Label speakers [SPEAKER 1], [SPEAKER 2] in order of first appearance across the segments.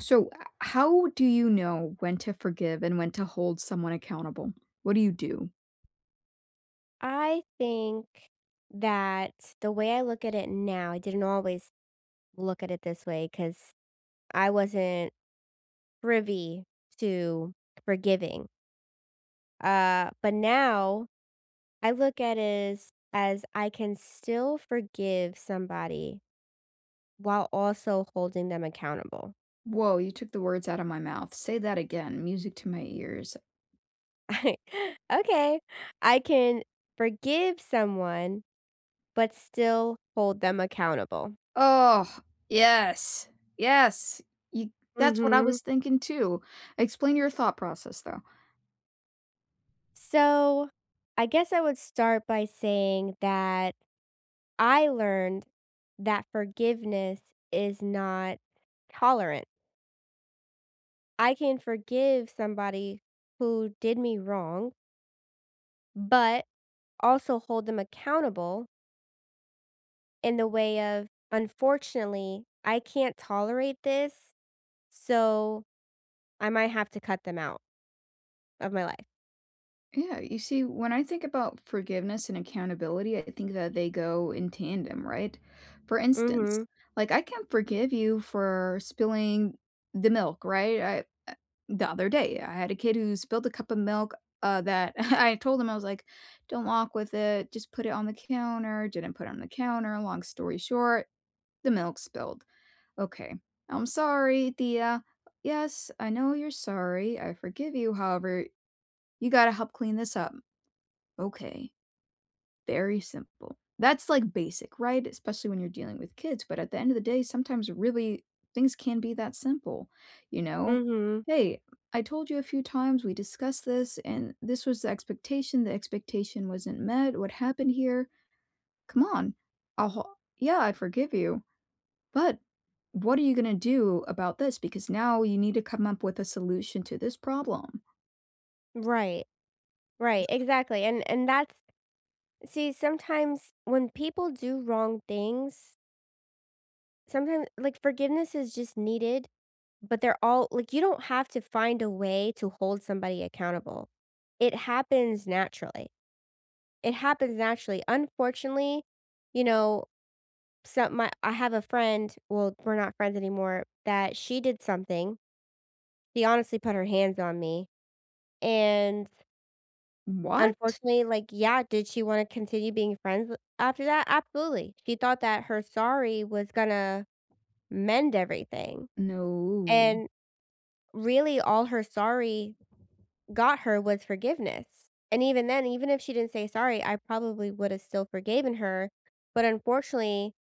[SPEAKER 1] So, ah how do you know when to forgive and when to hold someone accountable? What do you do?
[SPEAKER 2] I think that the way I look at it now, I didn't always look at it this way 'cause I wasn't privy to forgiving. Uh, but now I look at is as I can still forgive somebody while also holding them accountable.
[SPEAKER 1] Whoa, you took the words outta my mouth. Say that again. Music to my ears.
[SPEAKER 2] Okay. I can forgive someone but still hold them accountable.
[SPEAKER 1] Oh, yes. Yes. You that's what I
[SPEAKER 2] Mhm.
[SPEAKER 1] was thinking too. Explain your thought process, though.
[SPEAKER 2] So, I guess I would start by saying that I learned that forgiveness is not tolerant. I can forgive somebody who did me wrong but also hold them accountable in the way of, "Unfortunately, I can't tolerate this, so I might have to cut them out of my life."
[SPEAKER 1] Yeah, you see, when I think about forgiveness and accountability, I think that they go in tandem, right? For instance,
[SPEAKER 2] Mhm.
[SPEAKER 1] like, I can forgive you for spilling the milk, right, I uh the other day, I had a kid who spilled a cup of milk, uh, that and I told him, I was like, "Don't walk with it. Just put it on the counter." Didn't put it on the counter. Long story short, the milk spilled. Okay. "I'm sorry, Tia." "Yes, I know you're sorry. I forgive you, however, you gotta help clean this up." "Okay." Very simple. That's, like, basic, right, especially when you're dealing with kids, but at the end of the day, sometimes, really, things can be that simple, you know?
[SPEAKER 2] Mhm.
[SPEAKER 1] "Hey, I told you a few times, we discussed this, and this was the expectation, the expectation wasn't met, what happened here? Come on, I'll ho yeah, I forgive you, but what are you gonna do about this, because now you need to come up with a solution to this problem."
[SPEAKER 2] Right. Right, exactly, and and that's see, sometimes when people do wrong things sometim like forgiveness is just needed, but they're all like you don't have to find a way to hold somebody accountable. It happens naturally. It happens naturally. Unfortunately, you know, some my I have a friend, well, we're not friends anymore, that she did something. She honestly put her hands on me. And
[SPEAKER 1] What?
[SPEAKER 2] unfortunately, like, yeah, did she wanna continue being friends with after that? Absolutely. She thought that her sorry was gonna mend everything,
[SPEAKER 1] No.
[SPEAKER 2] and really all her sorry got her was forgiveness. And even then, even if she didn't say sorry, I probably would've still forgiven her. But unfortunately,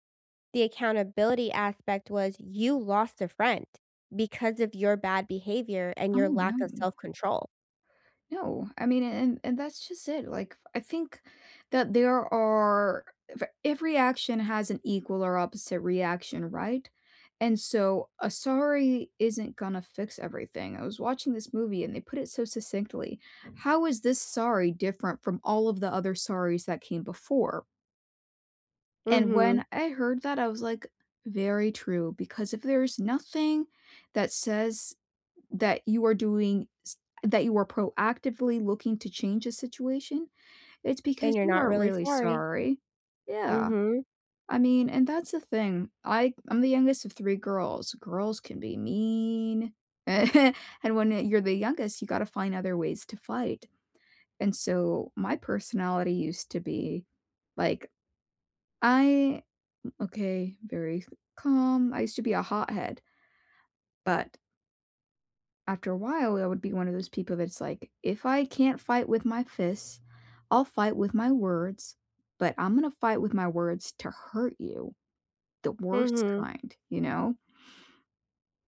[SPEAKER 2] the accountability aspect was you lost a friend because of your bad behavior and
[SPEAKER 1] Oh,
[SPEAKER 2] your lack of
[SPEAKER 1] no.
[SPEAKER 2] self-control.
[SPEAKER 1] No. I mean, and and that's just it. Like, f I think that there are v every action has an equal or opposite reaction, right? And so a sorry isn't gonna fix everything. I was watching this movie, and they put it so succinctly "How is this sorry different from all of the other sorry's that came before?" And
[SPEAKER 2] Mhm.
[SPEAKER 1] when I heard that, I was like, "Very true." Because if there's nothing that says that you are doing s that you are proactively looking to change a situation, it's
[SPEAKER 2] Then
[SPEAKER 1] because
[SPEAKER 2] you're
[SPEAKER 1] you
[SPEAKER 2] not
[SPEAKER 1] aren't
[SPEAKER 2] really
[SPEAKER 1] really
[SPEAKER 2] sorry.
[SPEAKER 1] sorry Yeah.
[SPEAKER 2] Mhm.
[SPEAKER 1] I mean, and that's the thing. I I'm the youngest of 3 girls. Girls can be mean, and when, uh, you're the youngest, you gotta find other ways to fight. And so, my personality used to be, like, I okay, very calm. I used to be a hothead. But after a while, I would be one of those people that's like, "If I can't fight with my fists, I'll fight with my words, but I'm gonna fight with my words to hurt you." The worst
[SPEAKER 2] Mhm.
[SPEAKER 1] kind, you know?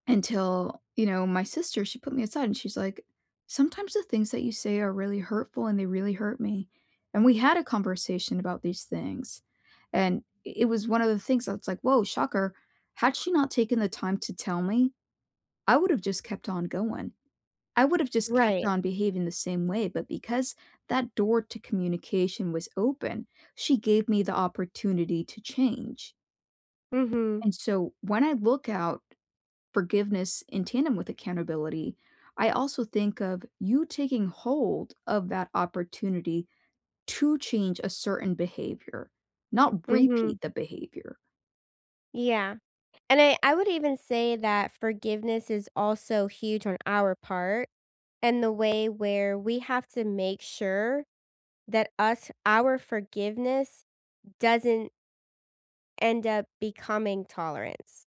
[SPEAKER 1] Until, you know, my sister, she put me aside and she's like, "Sometimes the things that you say are really hurtful, and they really hurt me." And we had a conversation about these things, and i it was one of the things that's like, whoa, shocker. Had she not taken the time to tell me, I would've just kept on going I would've just kept
[SPEAKER 2] Right.
[SPEAKER 1] on behaving the same way. But because that door to communication was open, she gave me the opportunity to change.
[SPEAKER 2] Mhm.
[SPEAKER 1] And so when I look out forgiveness in tandem with accountability, I also think of you taking hold of that opportunity to change a certain behavior, not
[SPEAKER 2] Mhm.
[SPEAKER 1] repeat the behavior.
[SPEAKER 2] Yeah, and I I would even say that forgiveness is also huge on our part in the way where we have to make sure that us our forgiveness doesn't end up becoming tolerance,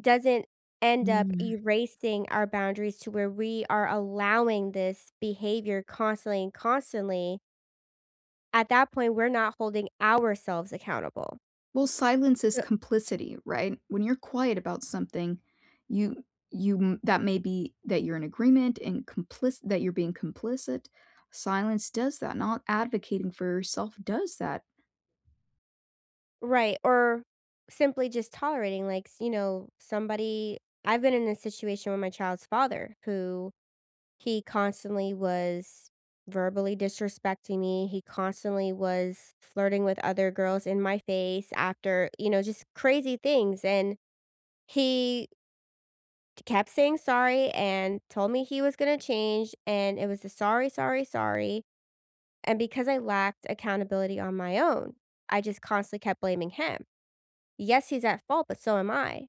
[SPEAKER 2] doesn't end up
[SPEAKER 1] Mm.
[SPEAKER 2] erasing our boundaries to where we are allowing this behavior constantly and constantly at that point, we're not holding ourselves accountable.
[SPEAKER 1] Well, silence is
[SPEAKER 2] T
[SPEAKER 1] complicity, right? When you're quiet about something, you you m that may be that you're in agreement and complic that you're being complicit. Silence does that, not advocating for yourself does that.
[SPEAKER 2] Right, or simply just tolerating, like, s you know, somebody I've been in a situation with my child's father who he constantly was verbally disrespecting me. He constantly was flirting with other girls in my face after you know, just crazy things and he kept saying sorry and told me he was gonna change, and it was a, "Sorry, sorry, sorry." And because I lacked accountability on my own, I just constantly kept blaming him. Yes, he's at fault, but so am I,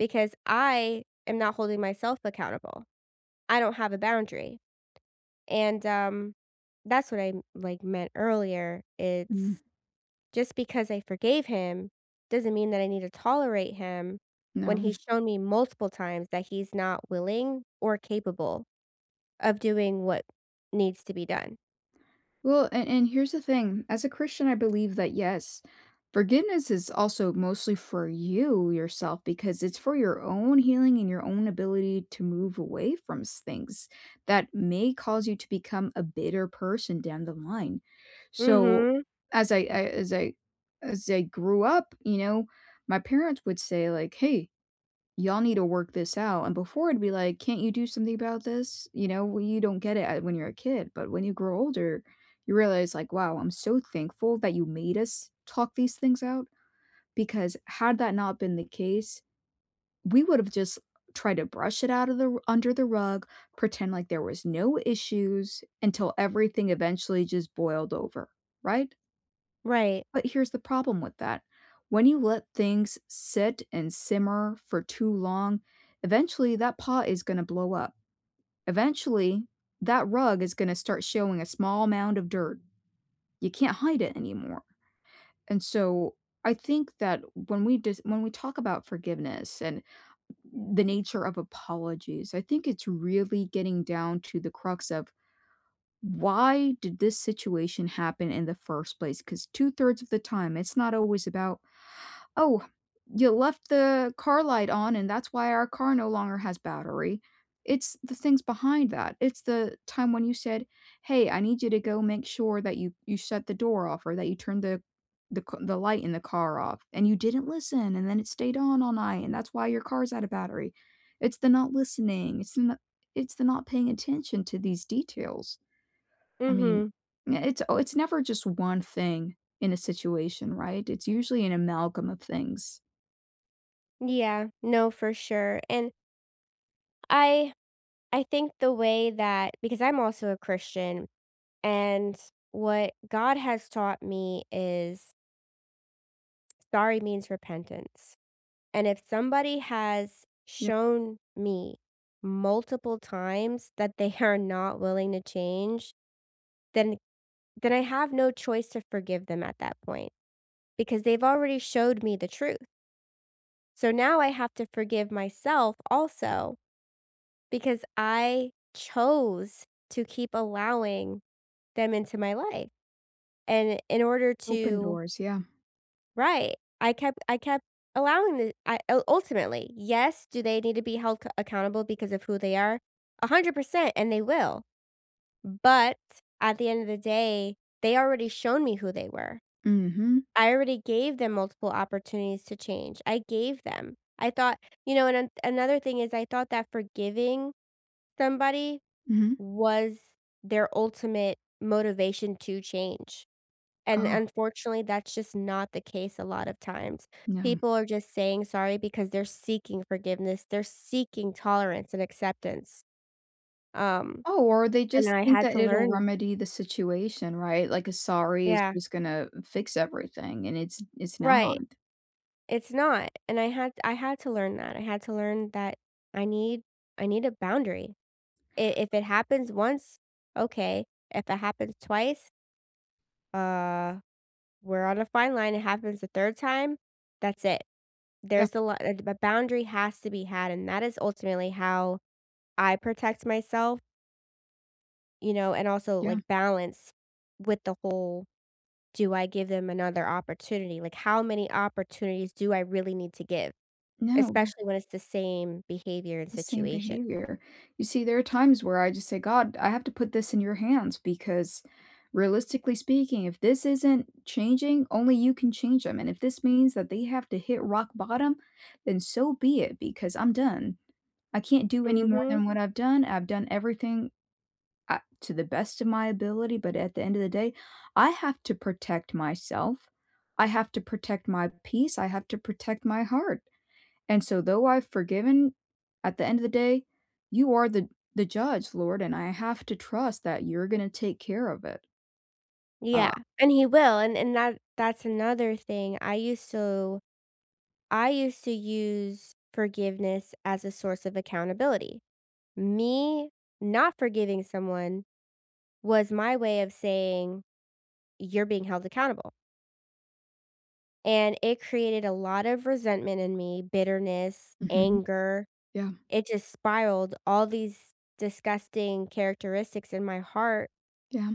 [SPEAKER 2] because I am not holding myself accountable. I don't have a boundary. And, um, that's what I m like, meant earlier.
[SPEAKER 1] Mm.
[SPEAKER 2] It's just because I forgave him doesn't mean that I need to tolerate him when
[SPEAKER 1] No.
[SPEAKER 2] he's shown me multiple times that he's not willing or capable of doing what needs to be done.
[SPEAKER 1] Well, and and here's the thing. As a Christian, I believe that, yes, forgiveness is also mostly for you, yourself, because it's for your own healing and your own ability to move away from s things that may cause you to become a bitter person down the line. So,
[SPEAKER 2] Mhm.
[SPEAKER 1] as I I, as I as I grew up, you know, my parents would say like, "Hey, y'all need to work this out." And before it'd be like, "Can't you do something about this?" You know? Well, you don't get it, uh, when you're a kid, but when you grow older, you realize like, "Wow, I'm so thankful that you made us talk these things out. Because had that not been the case, we would've just tried to brush it out of the r under the rug, pretend like there was no issues, until everything eventually just boiled over," right?
[SPEAKER 2] Right.
[SPEAKER 1] But here's the problem with that. When you let things sit and simmer for too long, eventually that pot is gonna blow up. Eventually, that rug is gonna start showing a small amount of dirt. You can't hide it anymore. And so, I think that when we dis when we talk about forgiveness and m the nature of apologies, I think it's really getting down to the crux of why did this situation happen in the first place? 'Cause two-thirds of the time it's not always about, "Oh, you left the car light on and that's why our car no longer has battery." It's the things behind that. It's the time when you said, "Hey, I need you to go make sure that you you shut the door off or that you turned the, the c the light in the car off," and you didn't listen, and then it stayed on all night, and that's why your car's out of battery. It's the not listening. It's the n it's the not paying attention to these details. I mean,
[SPEAKER 2] Mhm.
[SPEAKER 1] eh it's it's never just one thing in a situation, right? It's usually an amalgam of things.
[SPEAKER 2] Yeah. No, for sure. And I I think the way that because I'm also a Christian, and what God has taught me is sorry means repentance. And if somebody has
[SPEAKER 1] Yep.
[SPEAKER 2] shown me multiple times that they are not willing to change, then then I have no choice to forgive them at that point, because they've already showed me the truth. So now I have to forgive myself also, because I chose to keep allowing them into my life. And i in order
[SPEAKER 1] Open
[SPEAKER 2] to
[SPEAKER 1] doors, yeah.
[SPEAKER 2] Right. I kept I kept allowing the I, ul ultimately, yes, do they need to be held c accountable because of who they are, 100 percent, and they will. But at the end of the day, they already shown me who they were.
[SPEAKER 1] Mhm.
[SPEAKER 2] I already gave them multiple opportunities to change. I gave them. I thought you know, and an another thing is I thought that forgiving somebody
[SPEAKER 1] Mhm.
[SPEAKER 2] was their ultimate motivation to change, and
[SPEAKER 1] Oh.
[SPEAKER 2] unfortunately, that's just not the case a lot of times.
[SPEAKER 1] Yeah.
[SPEAKER 2] People are just saying sorry because they're seeking forgiveness. They're seeking tolerance and acceptance. Um,
[SPEAKER 1] Oh, or they
[SPEAKER 2] and
[SPEAKER 1] just
[SPEAKER 2] I
[SPEAKER 1] think
[SPEAKER 2] had
[SPEAKER 1] that
[SPEAKER 2] to
[SPEAKER 1] it'll
[SPEAKER 2] learn
[SPEAKER 1] remedy the situation, right? Like a sorry is
[SPEAKER 2] Yeah.
[SPEAKER 1] just gonna fix everything, and it's it's not.
[SPEAKER 2] Right. It's not, and I had I had to learn that. I had to learn that I need I need a boundary. I if it happens once, okay. If it happens twice uh, we're on a fine line. It happens a third time, that's it.
[SPEAKER 1] Yeah.
[SPEAKER 2] There's a li a boundary has to be had, and that is ultimately how I protect myself. You know, and also, like,
[SPEAKER 1] Yeah.
[SPEAKER 2] balance with the whole do I give them another opportunity? Like, how many opportunities do I really need to give,
[SPEAKER 1] No.
[SPEAKER 2] especially when it's the same behavior and
[SPEAKER 1] The same
[SPEAKER 2] situation?
[SPEAKER 1] behavior. You see, there are times where I, just, say, "God, I have to put this in your hands because realistically speaking, if this isn't changing, only you can change 'em, and if this means that they have to hit rock bottom, then so be it, because I'm done. I can't do any more
[SPEAKER 2] Mhm.
[SPEAKER 1] than what I've done. I've done everything, uh, to the best of my ability, but at the end of the day, I have to protect myself. I have to protect my peace. I have to protect my heart, and so though I've forgiven, at the end of the day, you are the the judge, Lord, and I have to trust that you're gonna take care of it. Uh
[SPEAKER 2] Yeah, and he will, and and that that's another thing. I used to I used to use forgiveness as a source of accountability. Me not forgiving someone was my way of saying, "You're being held accountable." And it created a lot of resentment in me, bitterness,
[SPEAKER 1] Mhm.Yeah.
[SPEAKER 2] anger. It just spiraled all these disgusting characteristics in my heart
[SPEAKER 1] Yeah.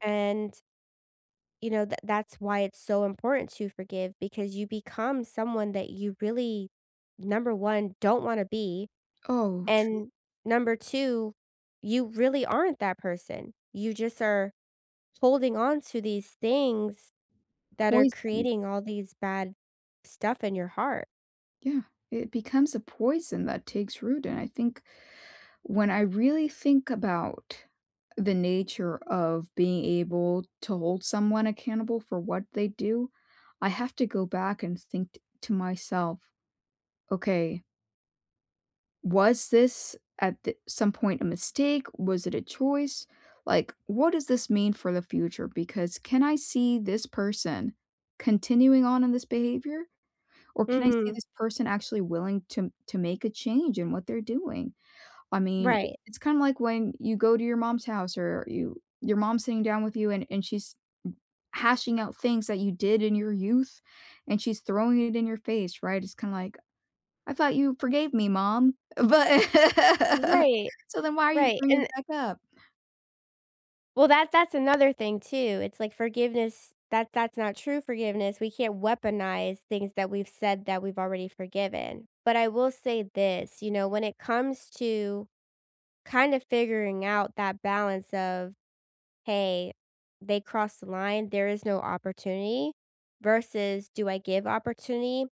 [SPEAKER 2] and you know, th that's why it's so important to forgive, because you become someone that you really, number 1, don't wanna be,
[SPEAKER 1] Oh, true.
[SPEAKER 2] and number 2, you really aren't that person. You just are holding onto these things that are
[SPEAKER 1] Poisons.
[SPEAKER 2] creating all these bad stuff in your heart.
[SPEAKER 1] Yeah. It becomes a poison that takes root, and I think when I really think about the nature of being able to hold someone accountable for what they do, I have to go back and think t to myself, "Okay" "was this at th some point, a mistake? Was it a choice?" Like, what does this mean for the future? Because, can I see this person continuing on in this behavior, or can I see
[SPEAKER 2] Mhm.
[SPEAKER 1] this person actually willing to m to make a change in what they're doing? I mean, i
[SPEAKER 2] Right.
[SPEAKER 1] it's kinda like when you go to your mom's house, or you your mom's sitting down with you, and and she's hashing out things that you did in your youth, and she's throwing it in your face, right, it's kinda like, "I thought you forgave me, mom. But"
[SPEAKER 2] Right.
[SPEAKER 1] "So then why are you
[SPEAKER 2] Right,
[SPEAKER 1] bringing
[SPEAKER 2] and
[SPEAKER 1] it back up?"
[SPEAKER 2] Well, that that's another thing too, it's like forgiveness, that that's not true forgiveness, we can't weaponize things that we've said that we've already forgiven. But I will say this, you know, when it comes to kind of figuring out that balance of, hey, they crossed the line, there is no opportunity, versus do I give opportunity,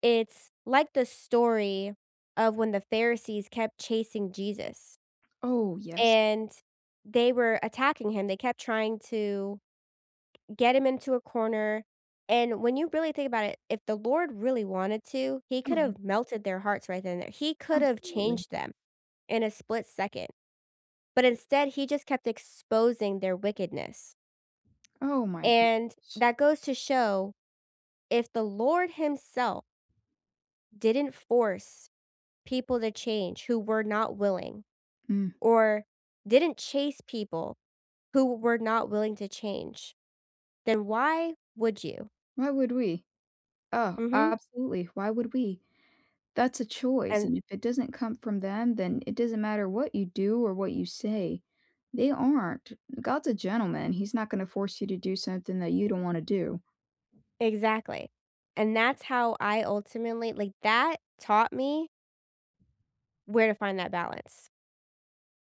[SPEAKER 2] it's like the story of when the Pharisees kept chasing Jesus
[SPEAKER 1] Oh, yes.
[SPEAKER 2] and they were attacking him, they kept trying to get him into a corner, and when you really think about it, if the Lord really wanted to, he
[SPEAKER 1] [unintelligible]
[SPEAKER 2] could've melted their hearts right then and there. He could've
[SPEAKER 1] Absolutely.
[SPEAKER 2] changed them in a split second. But instead, he just kept exposing their wickedness
[SPEAKER 1] Oh my
[SPEAKER 2] and
[SPEAKER 1] gosh.
[SPEAKER 2] that goes to show, if the Lord himself didn't force people to change who were not willing
[SPEAKER 1] Mm.
[SPEAKER 2] or didn't chase people who were not willing to change, then why would you?
[SPEAKER 1] Why would we? Oh,
[SPEAKER 2] Mhm.
[SPEAKER 1] absolutely, why would we? That's a choice,
[SPEAKER 2] And
[SPEAKER 1] and if it doesn't come from them, then it doesn't matter what you do or what you say. They aren't. God's a gentleman, he's not gonna force you to do something that you don't wanna do.
[SPEAKER 2] Exactly, and that's how I ultimately like, that taught me where to find that balance.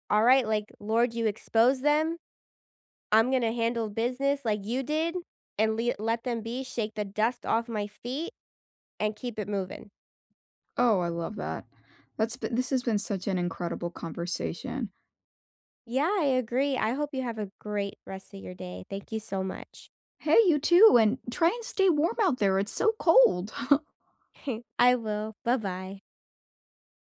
[SPEAKER 2] All right, like, "Lord, you expose them, I'm gonna handle business like you did, and le let them be, shake the dust off my feet, and keep it moving."
[SPEAKER 1] Oh, I love that. That's b this has been such an incredible conversation.
[SPEAKER 2] Yeah, I agree, I hope you have a great rest of your day. Thank you so much.
[SPEAKER 1] Hey, you too, and try and stay warm out there, it's so cold.
[SPEAKER 2] I will, buh-bye.